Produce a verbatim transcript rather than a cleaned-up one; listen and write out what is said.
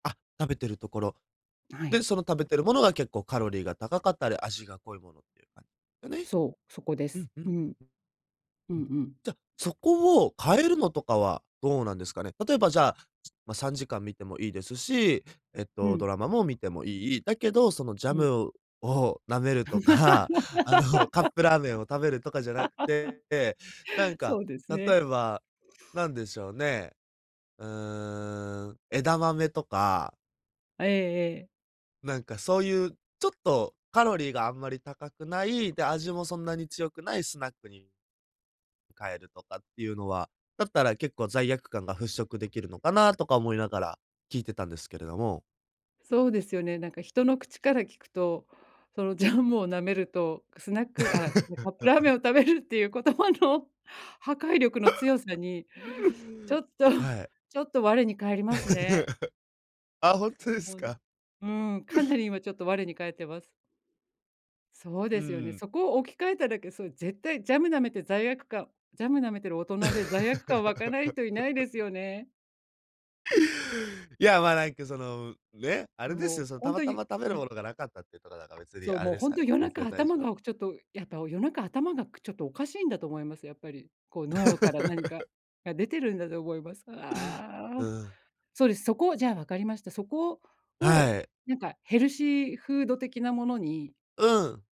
あ、食べてるところ。あはで、い。その食べてるものが結構カロリーが高かったり、味が濃いものっていうか。がね、そう、そこでうす。んううん。ん。う [unintelligible] うんん。じゃ、うん。そこを変えるのとかはどうなんですかね？例えばじゃあ、まあ、さんじかん見てもいいですし、えっうと、ん。ドラマも見てもいい。だけど、そのジャうん。ムを舐めるとか、あの、カップラーメンを食べるとかじゃなくて、で、な ん か、そうですね。例えば、何でしょうね、うーん、枝豆とか。ええええ。なんか、そういうちょっとカロリーがあんまり高くない、で、味もそんなに強くないスナックに変えるとかっていうのは、だったら結構罪悪感が払拭できるのかなとか思いながら、聞いてたんですけれども。そうですよね。なんか人の口から聞くと、そのジャムを舐めると、スナックあ、カップラーメンを 食べるっていう言葉の破壊力の強さに、ちょ っとはい。ちょっと我に返りますね。あ、ほんとですほんか。うーん、かな り今ちょっと我に返ってます。そううですよね。ーん。そこを置き換えただけ、それ絶対ジャム舐めて罪悪感ジャム舐めてる大人で罪悪感湧かない人いないです よね。いや、まあ、なんか、その、ね、あれでですよ、も、その、ほたんまとたに、ま食べるいものがなかったっていうとかだから、別にそう、あれもうです本よ当ね、夜全中然だい頭じょうぶ。がちょっと、やっぱ夜中頭がちょっとおかしいんだと思います、やっぱり。こう、脳から何かが出てるんだと思います。あうあ。ん。そうです、そこじゃあ分かりました。そこをを、はい。なんか、ヘルシーフード的なものにうん。